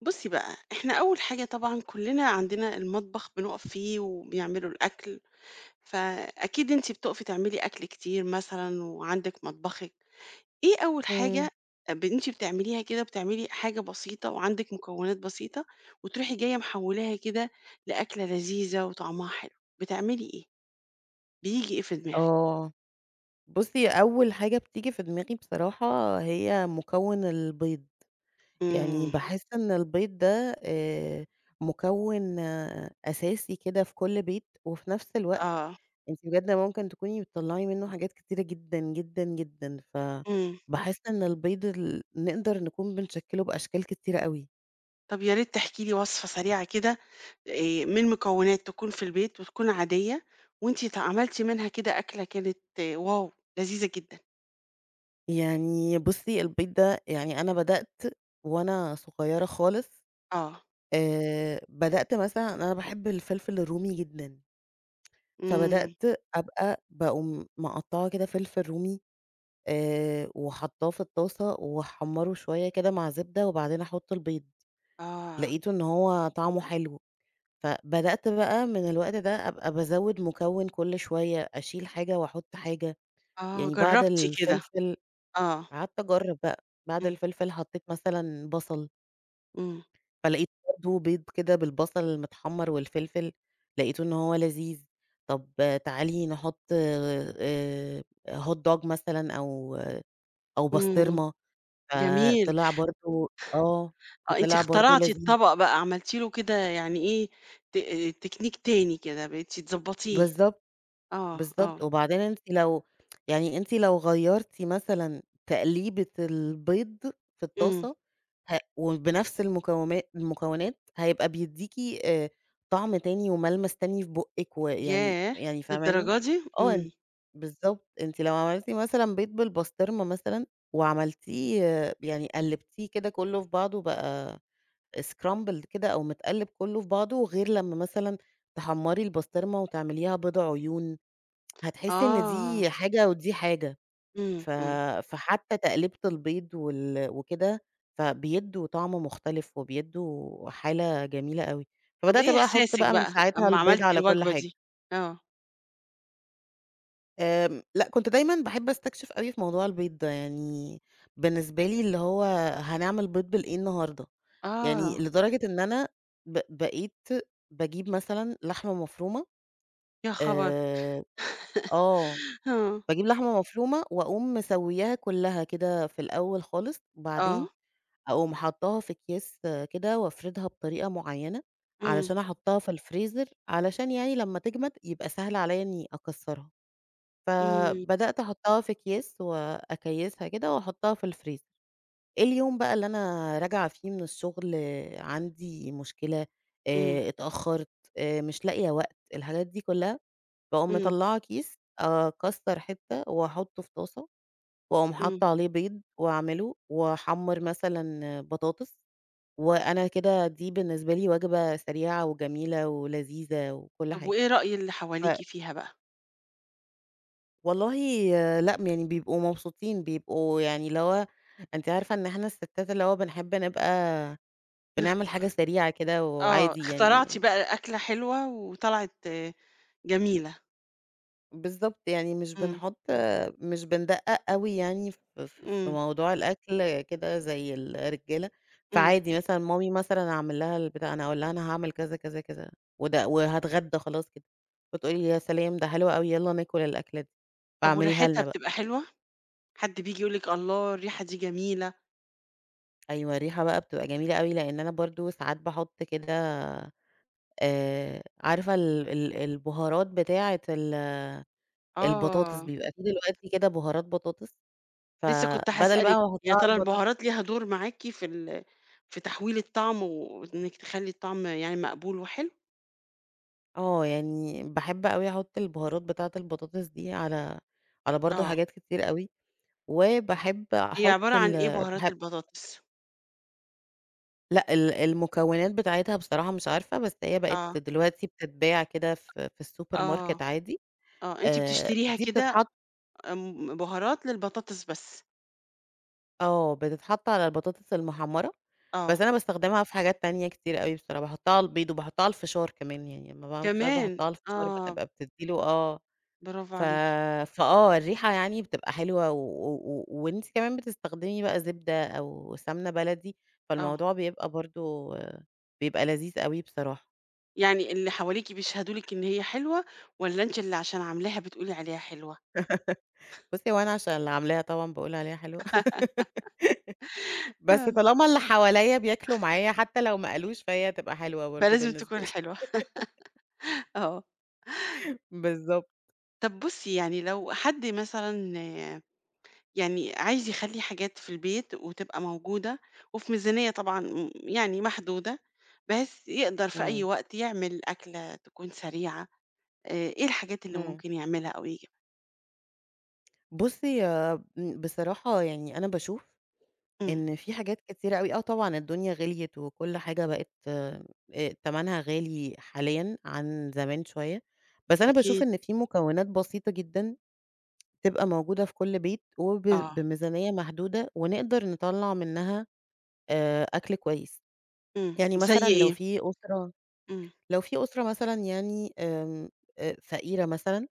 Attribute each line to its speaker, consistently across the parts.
Speaker 1: بُصي بقى، إحنا أول حاجة طبعًا كلّنا عندنا المطبخ بنُقف فيه وبيعملوا الأكل، فأكيد أنتِ بتُقفي تعملي أكل كتير مثلًا وعندِك مطبخِك، إيه أول
Speaker 2: إمم.
Speaker 1: حاجة آآ، ب أنتِ بتعمليها كده بتعملي حاجة بسيطة وعندِك مُكونات بسيطة وتروحي جاية محولاها كده لأكلة لذيذة وطعمها حلو؟ بتعملي إيه، بييجي إيه في دماغِك؟
Speaker 2: آه. بُصي أول حاجة بتيجي في دماغي بصراحة هي مُكوّن البيض. يعني
Speaker 1: إمم.
Speaker 2: باحس إن البيض ده آآ، مُكوّن أساسي كده في كُل بيت، وفي نفس الوقت
Speaker 1: آه.
Speaker 2: أنتِ بجد ممكن تكوني بتطلّعي منه حاجات كتيرة جدًا، جدًا، جدًا
Speaker 1: إمم.
Speaker 2: فباحس إن البيض ال نقدر نكون بنشكّله بأشكال كتيرة أوي.
Speaker 1: طَب يا ريت تحكي لي وَصفة سريعة كده آآ، مِن مُكونات تكون في البيت وتكون عادية، وأنتِ ات عملتِ منها كده أكلة كانت واو! لذيذة جدًا.
Speaker 2: يعني بُصي البيض ده، يعني أنا بدأت وأنا صُغيرة خالص
Speaker 1: آه.
Speaker 2: آآ، بدأت مثلًا أنا باحب الفلفل الرومي جدًا.
Speaker 1: إمم.
Speaker 2: فبدأت أبقى باقوم مَقطّعة كده فلفل رومي. آآ، وحاطّاه في الطاسة وأحمّره شوية كده مع زبدة، وبعدين أحط البيض.
Speaker 1: آه.
Speaker 2: لقيته إن هو طعمه حلو. فبدأت بقى مِن الوقت ده أبقى بازوّد مُكوّن كُل شوية، أشيل حاجة وأحط حاجة،
Speaker 1: آه،
Speaker 2: يعني بعد
Speaker 1: جرّبتِ كده.
Speaker 2: الفلفل
Speaker 1: آه.
Speaker 2: قعدت أجرّب بقى، بعد
Speaker 1: إمم.
Speaker 2: الفلفل حطيت مثلًا بصل.
Speaker 1: إمم.
Speaker 2: فلقيت [unintelligible] بيض كده بالبصل المتحمَّر والفلفل، لقيت إن هو لذيذ. طب آآ، تعالي نحط آآ، Hot dog مثلًا أو أو
Speaker 1: إمم.
Speaker 2: بسطرمة.
Speaker 1: جميل.
Speaker 2: فطلع برضه آه.
Speaker 1: آه، أنتِ
Speaker 2: فطلع برضه
Speaker 1: اخترعتِ
Speaker 2: لذيذ.
Speaker 1: الطبق بقى، عملتِ له كده يعني إيه، ت تكنيك تاني كده، بقيتِ تضبَطيه.
Speaker 2: بالضبط.
Speaker 1: آه، آه.
Speaker 2: بالضبط، وبعدين أنتِ لو يعني أنتِ لو غيّرتِ مثلًا تقليبة البيض في
Speaker 1: إمم.
Speaker 2: الطاسة ه وبنفس المكو المكونات هيبقى بيدّيكِ آآ، طعم تاني وملمس تاني في بُقِك و يعني
Speaker 1: ياه!
Speaker 2: يعني فاهماني؟
Speaker 1: للدرجة دي؟
Speaker 2: آه،
Speaker 1: إمم.
Speaker 2: بالضبط، أنتِ لو عملتِ مثلًا بيض بالبسطرمة مثلًا وعملتيه آآ، يعني قلّبتيه كده كلّه في بعضه بقى scrambled كده أو متقلب كلّه في بعضه غير لمّا مثلًا تحمّري البسطرمة وتعمليها بيض عيون. هتحسي إن
Speaker 1: آه.
Speaker 2: دي حاجة ودي حاجة.
Speaker 1: إمم،
Speaker 2: ف
Speaker 1: إمم.
Speaker 2: فحتى تقلّيبة البيض وال وكده، فبيدّوا طعم مختلف وبيدّوا حالة جميلة أوي.
Speaker 1: طب
Speaker 2: فبدأت
Speaker 1: إيه
Speaker 2: بقى أحط
Speaker 1: إحساسِك
Speaker 2: بقى من
Speaker 1: بقى
Speaker 2: ساعتها
Speaker 1: أمّا
Speaker 2: البيض
Speaker 1: عملتِ
Speaker 2: على كل
Speaker 1: الوجبة
Speaker 2: حاجة.
Speaker 1: دي؟ آه.
Speaker 2: آمم، لأ، كنت دايمًا باحب أستكشف أوي في موضوع البيض ده. يعني بالنسبة لي اللي هو هنعمل بيض بالإيه النهارده؟ يعني
Speaker 1: آه.
Speaker 2: لدرجة إن أنا ب بقيت باجيب مثلًا لحمة مفرومة،
Speaker 1: يا خبر!
Speaker 2: آآ آه.
Speaker 1: آه.
Speaker 2: باجيب لحمة مفرومة، وأقوم مسويّاها كلّها كده في الأول خالص، وبعدين،
Speaker 1: آه.
Speaker 2: أقوم حاطّاها في أكياس كده، وأفردها بطريقة مُعيّنة،
Speaker 1: امم.
Speaker 2: علشان أحطها في الFreezer علشان يعني لما تجَمد يبقى سهل عليّا إني أكسرها.
Speaker 1: امم.
Speaker 2: فبدأت أحطها في أكياس، وأكيّسها كده، وأحطها في الFreezer. اليوم بقى اللي أنا راجعة فيه من الشغل عندي مشكلة،
Speaker 1: امم.
Speaker 2: آآ اتأخرت، آآ مش لاقية وقت. الحاجات دي كلّها. باقوم
Speaker 1: امم.
Speaker 2: مطلعة كيس، آآ أكسر حِتّة، وأحطه في طاسة، وأُقوم
Speaker 1: امم.
Speaker 2: حاطّة عليه بيض، واعمله، واحمر مثلًا بطاطس. وأنا كده دي بالنسبة لي وجبة سريعة، وجميلة، ولذيذة، وكلّ
Speaker 1: طب
Speaker 2: حاجة.
Speaker 1: وإيه رأي اللي
Speaker 2: ف
Speaker 1: حواليكِ فيها بقى؟
Speaker 2: والله لأ، م يعني بيبقوا مبسوطين، بيبقوا يعني اللي هو أنتِ عارفة إن إحنا الستات اللي هو بنحب نبقى
Speaker 1: إخ
Speaker 2: بنعمل حاجة سريعة كده
Speaker 1: آه،
Speaker 2: وعادي
Speaker 1: اخترعتِ
Speaker 2: يعني
Speaker 1: بقى أكلة حلوة وطلعِت جميلة.
Speaker 2: بالضبط، يعني مش
Speaker 1: امم.
Speaker 2: بنحط مش بندقق أوي يعني ف ف في
Speaker 1: امم.
Speaker 2: موضوع الأكل كده زي الرجالة.
Speaker 1: امم.
Speaker 2: فعادي مثلًا، مامي مثلًا أعمل لها البتاع أنا هأقول لها أنا هاعمل كذا، كذا، كذا وده وهاتغدى خلاص كده. فتقول لي: "يا سلام ده حلو أوي، يالّا ناكل الأكل ده،
Speaker 1: طب
Speaker 2: فاعمليها
Speaker 1: وريحتها
Speaker 2: لنا بقى."
Speaker 1: بتبقى حلوة؟ حد بييجي يقول لِك: "الله! الريحة دي جميلة؟"
Speaker 2: أيوه، الريحة بقى بتبقى جميلة أوي، لإن أنا برضو ساعات باحط كده آآ، عارفة ال ال البهارات بتاعة ال البطاطس؟
Speaker 1: آه.
Speaker 2: بيبقى فيه دلوقتي كده بهارات بطاطس،
Speaker 1: لسه كنت
Speaker 2: فبدل بقى
Speaker 1: هاسألِك،
Speaker 2: ما
Speaker 1: يا
Speaker 2: أحطها على
Speaker 1: ترى
Speaker 2: البطاطس
Speaker 1: البهارات ليها دور معاكِ في ال في تحويل الطعم وإنك تخلّي الطعم يعني مقبول وحلو؟
Speaker 2: آه، يعني باحب أوي أحط البهارات بتاعة البطاطس دي على على برضو
Speaker 1: آه.
Speaker 2: حاجات كتير أوي، وباحب
Speaker 1: هي
Speaker 2: أحط
Speaker 1: عبارة عن إيه
Speaker 2: ال
Speaker 1: بهارات
Speaker 2: باحب
Speaker 1: البطاطس؟
Speaker 2: لأ ال المكونات بتاعتها بصراحة مش عارفة، بس هي
Speaker 1: آه.
Speaker 2: بقت دلوقتي بتتباع كده في في السوبر
Speaker 1: آه،
Speaker 2: ماركت عادي
Speaker 1: آه، أنتِ
Speaker 2: آآ،
Speaker 1: بتشتريها
Speaker 2: دي
Speaker 1: كده،
Speaker 2: بتتحط
Speaker 1: امم، بُهارات للبطاطس بس.
Speaker 2: آه، بتتحط على البطاطس المحمرة بس
Speaker 1: آه.
Speaker 2: أنا باستخدمها في حاجات تانية كتير أوي بصراحة، باحطها على البيض وباحطها على الفشار كمان يعني لمّا باعمل فشار،
Speaker 1: كمان!
Speaker 2: باحطها على الفشار بقى
Speaker 1: آه.
Speaker 2: بتبقى بتدي له آه
Speaker 1: برافو
Speaker 2: ف
Speaker 1: عليكِ.
Speaker 2: فآه، الرِّيحَة يعني بتبقى حلوة و و و وأنتِ كمان بتستخدمي بقى زبدة أو سمنة بلدي
Speaker 1: آه.
Speaker 2: فالموضوع بيبقى برضه بيبقى لذيذ أوي بصراحة.
Speaker 1: يعني اللي حواليكِ بيشهدوا لِك إن هي حلوة، والّا أنتِ اللي عشان عاملاها بتقولي عليها حلوة؟
Speaker 2: بُصي هو أنا عشان اللي عاملاها طبعًا باقول عليها حلوة بس
Speaker 1: آه.
Speaker 2: طالما اللي حواليّا بياكلوا معايا حتى لو ما قالوش فهي تبقى حلوة برضه
Speaker 1: فلازم
Speaker 2: بالنسبة
Speaker 1: تكون
Speaker 2: لي.
Speaker 1: حلوة آه.
Speaker 2: بالضبط.
Speaker 1: طب بُصّي يعني لو حد مثلًا يعني عايز يخلِّي حاجات في البيت وتبقى موجودة، وفي ميزانية طبعًا م يعني محدودة بحيث يقدر في أي
Speaker 2: إمم.
Speaker 1: وقت يعمل أكلة تكون سريعة آآ، إيه الحاجات اللي
Speaker 2: إمم.
Speaker 1: ممكن يعملها أو يجيبها؟
Speaker 2: بُصّي ب بصراحة يعني أنا باشوف
Speaker 1: إمم.
Speaker 2: إن في حاجات كتيرة أوي آه، طبعًا الدنيا غليت وكل حاجة بقت آآ، تمنها غالي حاليًا عن زمان شوية، بس أنا باشوف
Speaker 1: أكيد.
Speaker 2: إن في مكونات بسيطة جدًا تبقى موجودة في كل بيت وب
Speaker 1: آه.
Speaker 2: بميزانية محدودة ونقدر نطلَّع منها آآ، أكل كويس
Speaker 1: إمم،
Speaker 2: يعني
Speaker 1: زي
Speaker 2: مثلًا لو
Speaker 1: إيه؟
Speaker 2: في أسرة
Speaker 1: إمم.
Speaker 2: لو في أسرة مثلًا يعني آمم، أ فقيرة مثلًا،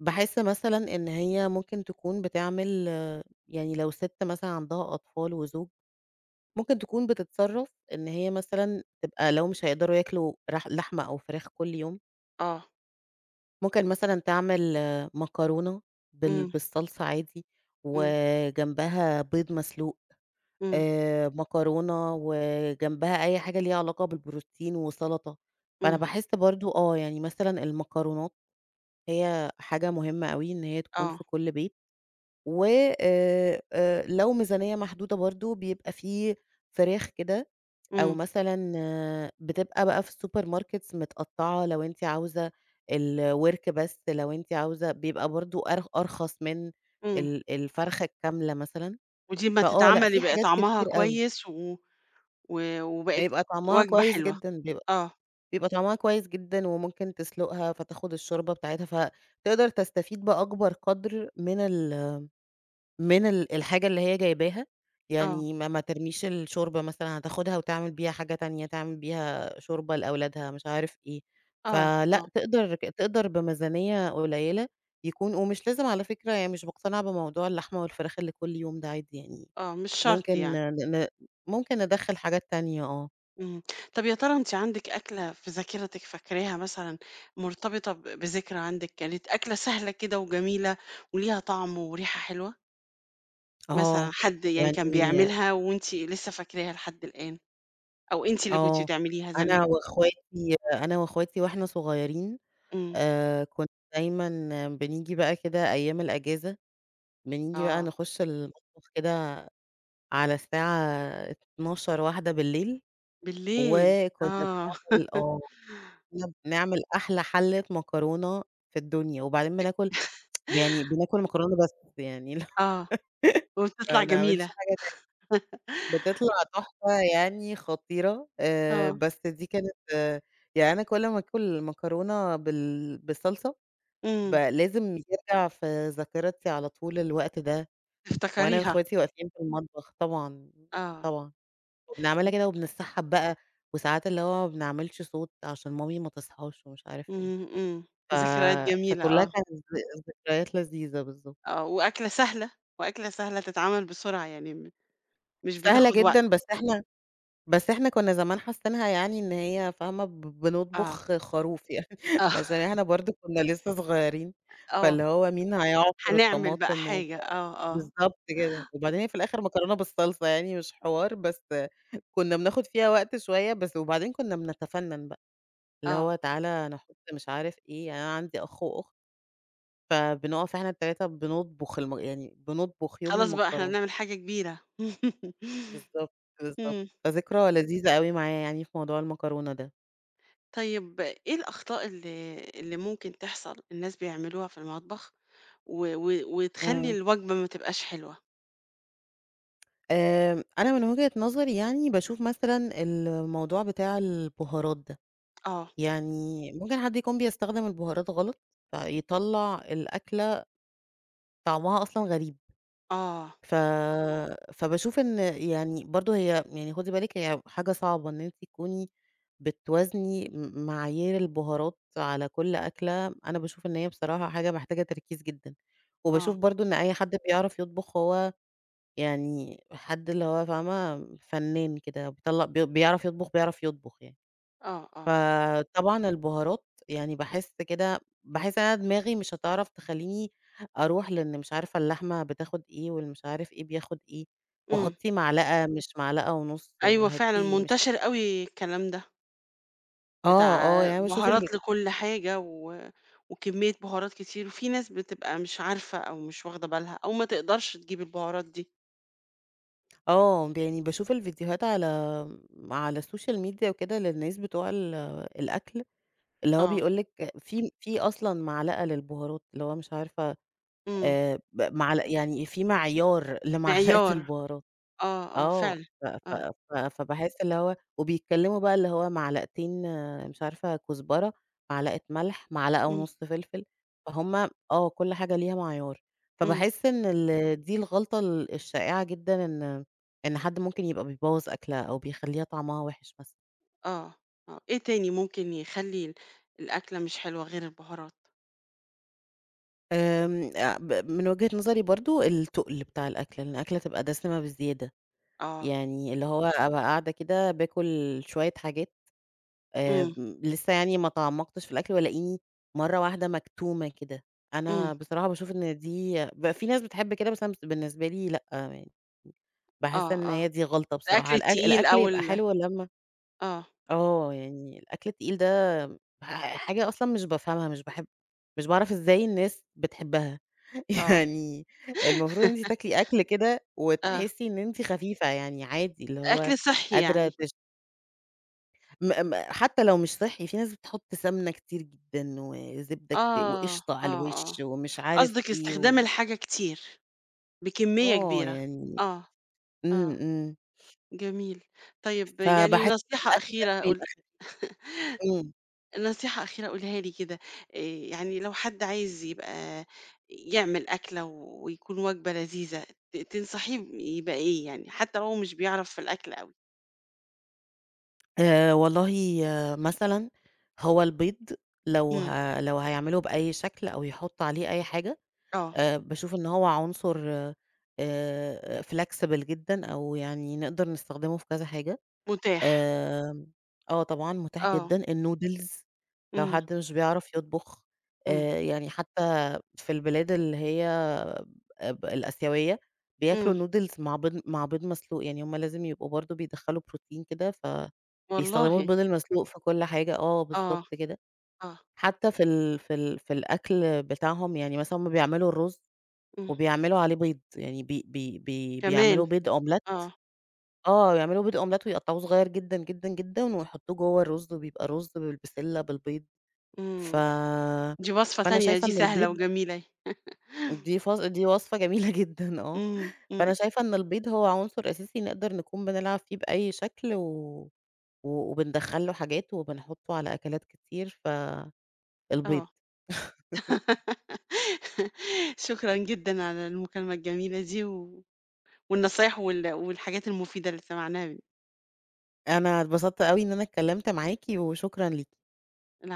Speaker 2: باحس مثلًا إن هي ممكن تكون بتعمل يعني لو ست مثلًا عندها أطفال وزوج، ممكن تكون بتتصرّف إن هي مثلًا تبقى لو مش هيقدروا ياكلوا رح لحمة أو فراخ كل يوم.
Speaker 1: آه.
Speaker 2: ممكن مثلًا تعمل مكرونة بال
Speaker 1: إمم.
Speaker 2: بالصلصة عادي
Speaker 1: إمم.
Speaker 2: وجنبها بيض مسلوق
Speaker 1: إمم.
Speaker 2: آآ، مكرونة وجنبها أي حاجة ليها علاقة بالبروتين وسلطة، أنا
Speaker 1: إمم.
Speaker 2: باحس برضه آه، يعني مثلًا المكرونات هي حاجة مهمة أوي إن هي تكون في
Speaker 1: آه.
Speaker 2: كل بيت، و آآ آآ لو ميزانية محدودة برضه بيبقى في فراخ كده، أو
Speaker 1: إمم.
Speaker 2: مثلًا بتبقى بقى في السوبر ماركتس متقطعة لو أنتِ عاوزة آآ، الورك بس لو أنتِ عاوزة بيبقى برضه أر أرخص من
Speaker 1: إمم.
Speaker 2: ال الفرخة الكاملة مثلًا،
Speaker 1: ودي أما
Speaker 2: فآه لأ
Speaker 1: تتعمل
Speaker 2: في
Speaker 1: يبقى
Speaker 2: حاجات
Speaker 1: طعمها
Speaker 2: كتير أوي.
Speaker 1: كويس، و و وبقت
Speaker 2: بيبقى طعمها
Speaker 1: وجبة
Speaker 2: كويس
Speaker 1: حلوة؟
Speaker 2: جدًا، بيبقى
Speaker 1: آه.
Speaker 2: بيبقى طعمها كويس جدًا، وممكن تسُلُقها فتاخُد الشوربة بتاعتها فتقدر تستفيد بأكبر قدر من ال من ال الحاجة اللي هي جايباها
Speaker 1: آه.
Speaker 2: يعني ما ما ترميش الشوربة مثلًا هتاخدها وتعمل بيها حاجة تانية، تعمل بيها شوربة لأولادها مش عارف إيه
Speaker 1: آه،
Speaker 2: فلا
Speaker 1: آه.
Speaker 2: تقدر تقدر بميزانية قليلة يكون ومش لازم على فكرة يعني مش مقتنعة بموضوع اللحمة والفراخ اللي كل يوم ده عادي يعني،
Speaker 1: آه، مش شرط
Speaker 2: ممكن
Speaker 1: يعني.
Speaker 2: ن ممكن ندخَّل حاجات تانية آه.
Speaker 1: إمم، طب يا ترى أنتِ عندِك أكلة في ذاكرتِك فاكراها، مثلًا مرتبطة ب بذكرى عندِك، كانت أكلة سهلة كده، وجميلة، وليها طعم، وريحة حلوة؟ مثلًا
Speaker 2: آه،
Speaker 1: حد يعني كان
Speaker 2: يعني
Speaker 1: بيعملها، وأنتِ لسه فاكراها لحد الآن؟ أو أنتِ اللي كنتِ
Speaker 2: آه،
Speaker 1: بتعمليها زمان؟
Speaker 2: أنا وأخواتي أنا وأخواتي وإحنا صغيرين
Speaker 1: إمم.
Speaker 2: آآ كنّا دايمًا بنيجي بقى كده أيام الأجازة، بنيجي بقى
Speaker 1: آه.
Speaker 2: نخش المطبخ كده على 12:00، 01:00
Speaker 1: بالليل،
Speaker 2: وكنّا
Speaker 1: آه.
Speaker 2: بنعمل آه، كنا بنعمل أحلى حَلة مكرونة في الدنيا، وبعدين بناكل يعني بنأكل مكرونة بس. يعني اللي ه
Speaker 1: آه، وبتطلع
Speaker 2: ما نعملش
Speaker 1: جميلة.
Speaker 2: حاجه تانية. بتطلع تحفة، يعني خطيرة. آآ
Speaker 1: آه.
Speaker 2: بس دي كانت يعني أنا كلّ ما آكل مكرونة بال بالصلصة، ب
Speaker 1: إمم.
Speaker 2: لازم ترجع في ذاكرتي على طول الوقت ده. وأنا
Speaker 1: تفتكريها.
Speaker 2: وأخواتي واقفين في المطبخ طبعًا،
Speaker 1: آه.
Speaker 2: طبعًا، بنعملها كده، وبنتسحب بقى، وساعات اللي هو ما بنعملش صوت، عشان مامي ما تصحاش، ومش عارف إيه،
Speaker 1: إمم، إمم.
Speaker 2: ف
Speaker 1: ذكريات جميلة،
Speaker 2: فكلّها
Speaker 1: آه.
Speaker 2: كانت ذك ذكريات لذيذة، بالضبط.
Speaker 1: آه، وأكلة سهلة، وأكلة سهلة تتعمل بسرعة، يعني م مش
Speaker 2: سهلة
Speaker 1: بتاخد وقت.
Speaker 2: جدًا، بس إحنا بس إحنا كنّا زمان حاسّينها يعني إن هي فاهمة؟ ب
Speaker 1: آه.
Speaker 2: بنطبخ خروف يعني
Speaker 1: آه.
Speaker 2: عشان إحنا برضه كنا لسّه صغيرين،
Speaker 1: آه.
Speaker 2: فاللي هو مين هيعصر
Speaker 1: هنعمل بقى
Speaker 2: الطماطم و
Speaker 1: حاجة، آه، آه.
Speaker 2: بالضبط كده، وبعدين هي في الآخر مكرونة بالصلصة يعني مش حوار، بس كنا بناخد فيها وقت شوية، بس وبعدين كنّا بنتفنن بقى اللي
Speaker 1: آه.
Speaker 2: هو تعالَ أنا هاحط مش عارف إيه. يعني أنا عندي أخ، وأخت، فبنقف إحنا ال3 بنطبخ الم يعني بنطبخ يوم
Speaker 1: خلاص بقى إحنا
Speaker 2: المكرونة.
Speaker 1: بنعمل حاجة كبيرة.
Speaker 2: بالضبط، بالضبط،
Speaker 1: إمم.
Speaker 2: فذكرى لذيذة أوي معايا، يعني في موضوع المكرونة ده.
Speaker 1: طيب، إيه الأخطاء اللي اللي ممكن تحصَل الناس بيعملوها في المطبخ و و وتخلّي
Speaker 2: امم.
Speaker 1: الوجبة ما تبقاش حلوة؟
Speaker 2: آمم، أنا من وِجهة نظري يعني باشوف مثلًا الموضوع بتاع البُهارات ده،
Speaker 1: آه.
Speaker 2: يعني ممكن حد يكون بيستخدم البُهارات غلط، فيطلّع الأكلة طعمها أصلًا غريب.
Speaker 1: آه.
Speaker 2: ف فباشوف إن يعني برضه هي يعني خدي بالِك يعني حاجة صعبة إن أنتِ تكُوني بتوازني م معايير البُهارات على كل أكلة، أنا باشوف إن هي بصراحة حاجة محتاجة تركيز جدًا وباشوف
Speaker 1: آه.
Speaker 2: برضه إن أي حد بيعرَف يطبُخ هو يعني حد اللي هو فاهمة، فنان كده بيطلّع بي بيعرَف يطبُخ، بيعرف يطبُخ يعني،
Speaker 1: آه، آه.
Speaker 2: فطبعًا البُهارات يعني باحس كده باحس إن أنا دماغي مش هتعرَف تخلّيني أرُوح لأن مش عارفة اللحمة بتاخد إيه والمش عارف إيه بياخد إيه
Speaker 1: إمم.
Speaker 2: وحُطّي معلقة مش معلقة ونُص
Speaker 1: أيوه فعلًا،
Speaker 2: وهاتي مش
Speaker 1: منتشر أوي الكلام ده.
Speaker 2: آه، آه،
Speaker 1: بتاع
Speaker 2: يعني أنا باشوف ال
Speaker 1: بُهارات لكل حاجة و وكمية بُهارات كتير في ناس بتبقى مش عارفة أو مش واخدة بالها أو ما تقدَرش تجيب البهارات دي.
Speaker 2: آه، ب يعني باشوف الفيديوهات على على الsocial media وكده، للناس بتوع ال الأكل اللي هو
Speaker 1: آه.
Speaker 2: بيقول لِك في في أصلًا معلقة للبهارات، اللي هو مش عارفة
Speaker 1: إمم.
Speaker 2: آآ ب معل يعني في معيار لمعلقة
Speaker 1: مِعيار.
Speaker 2: البهارات.
Speaker 1: آه، آه
Speaker 2: آه،
Speaker 1: فعلًا
Speaker 2: ف ف
Speaker 1: آه.
Speaker 2: ف فباحس اللي هو وبيتكلموا بقى، اللي هو معلقتين مش عارفة كزبرة، معلقة ملح، معلقة
Speaker 1: إمم.
Speaker 2: ونُص فلفل. فهُم آه، كل حاجة ليها معيار.
Speaker 1: إمم.
Speaker 2: فباحس إن ال دي الغلطة ال الشائعة جدًا، إن إن حد ممكن يبقى بيبوظ أكلة، أو بيخلّيها طعمها وِحش مثلًا.
Speaker 1: آه آه، إيه تاني ممكن يخلّي ال الأكلة مش حلوة غير البُهارات؟
Speaker 2: آمم، آآ، ب من وجهة نظري برضه التقل بتاع الأكل، إن الأكلة تبقى دسمة بزيادة.
Speaker 1: آه.
Speaker 2: يعني اللي هو أبقى قاعدة كده باكل شوية حاجات،
Speaker 1: إمم.
Speaker 2: آمم، لسه يعني ما تعمقتش في الأكل والاقيني مرة واحدة مكتومة كده.
Speaker 1: إمم.
Speaker 2: أنا بصراحة باشوف إن دي بيبقى في ناس بتحب كده مثلًا، بس أنا بالنسبة لي لأ، يعني باحس
Speaker 1: آه،
Speaker 2: إن
Speaker 1: آه.
Speaker 2: هي دي غلطة بصراحة.
Speaker 1: الأكل
Speaker 2: الأك
Speaker 1: التقيل
Speaker 2: الأكل
Speaker 1: أو
Speaker 2: يبقى
Speaker 1: ال
Speaker 2: حلو لمّا
Speaker 1: آه.
Speaker 2: آه، يعني الأكل التقيل ده ح حاجة أصلًا مش بافهمها، مش باحب مش باعرف إزاي الناس بتحبها.
Speaker 1: آه.
Speaker 2: يعني المفروض أنتِ تاكلي أكل كده
Speaker 1: آه.
Speaker 2: وتحسي إن أنتِ خفيفة، يعني عادي اللي هو
Speaker 1: أكل صحّي
Speaker 2: قادرة
Speaker 1: يعني.
Speaker 2: تش م م حتى لو مش صحّي، في ناس بتحط سمنة كتير جدًا، وزبده كتير،
Speaker 1: آه،
Speaker 2: وقشطه على
Speaker 1: آه، آه،
Speaker 2: الوش ومش عارف
Speaker 1: قصدِك
Speaker 2: إيه
Speaker 1: استخدام
Speaker 2: و
Speaker 1: الحاجة كتير، بكمية
Speaker 2: آه،
Speaker 1: كبيرة؟
Speaker 2: يعني
Speaker 1: آه،
Speaker 2: إمم،
Speaker 1: آه،
Speaker 2: إمم.
Speaker 1: جميل طيب يعني
Speaker 2: فباحس إن
Speaker 1: نصيحة
Speaker 2: الأكل
Speaker 1: أخيرة
Speaker 2: لازم
Speaker 1: قل
Speaker 2: يبقى خفي إمم.
Speaker 1: نصيحة أخيرة قُليها لي كده آآ، يعني لو حد عايز يبقى يعمل أكلة ويكون وجبة لذيذة ت تنصحيه يبقى إيه، يعني حتى وهو مش بيعرف في الأكل أوي؟
Speaker 2: آآ، والله مثلًا هو البيض، لو
Speaker 1: إمم.
Speaker 2: ه لو هيعمله بأي شكل أو يحطوا عليه أي حاجة
Speaker 1: آه.
Speaker 2: آآ، باشوف إن هو عنصر آآ، flexible جدًا أو يعني نقدر نستخدمه في كذا حاجة
Speaker 1: متاح.
Speaker 2: آمم، آه، طبعًا متاح
Speaker 1: آه.
Speaker 2: جدًا النودلز لو
Speaker 1: إمم.
Speaker 2: حد مش بيعرف يطبخ
Speaker 1: إمم.
Speaker 2: آآ، يعني حتى في البلاد اللي هي آآ، ب الآسيوية بياكلوا
Speaker 1: إمم.
Speaker 2: نودلز مع بيض مع بيض مسلوق يعني هم لازم يبقوا برضه بيدخّلوا بروتين كده ف
Speaker 1: والله.
Speaker 2: بيستخدموا البيض المسلوق في كل حاجة آه،
Speaker 1: آه،
Speaker 2: بالضبط كده،
Speaker 1: آه.
Speaker 2: حتى في ال في ال في الأكل بتاعهم يعني مثلًا هم بيعملوا الرز
Speaker 1: إمم.
Speaker 2: وبيعملوا عليه بيض يعني بي بي بي بيعملوا
Speaker 1: كمان!
Speaker 2: بيض أومليت
Speaker 1: آه.
Speaker 2: آه، بيعملوا بيض أومليت ويقطعوه صغير جدًا، جدًا، جدًا، ويحطوه جوا الرز وبيبقى رز بالبسلة بالبيض ف
Speaker 1: إمم، دي وصفة
Speaker 2: فأنا
Speaker 1: تانية
Speaker 2: شايفة
Speaker 1: دي
Speaker 2: إن
Speaker 1: سهلة
Speaker 2: البيض
Speaker 1: وجميلة أهي.
Speaker 2: دي فص دي وصفة جميلة جدًا آه
Speaker 1: إمم،
Speaker 2: فأنا
Speaker 1: إمم.
Speaker 2: شايفة إن البيض هو عنصر أساسي نقدر نكون بنلعب فيه بأي شكل و و وبندخّل له حاجاته وبنحطه على أكلات كتير فالبيض.
Speaker 1: آه. شكرًا جدًا على المكالمة الجميلة دي، و والنصايح وال والحاجات المفيدة اللي سمعناها.
Speaker 2: أنا اتبسطت أوي إن أنا اتكلمت معاكِ، وشكرًا ليكِ.
Speaker 1: العفو.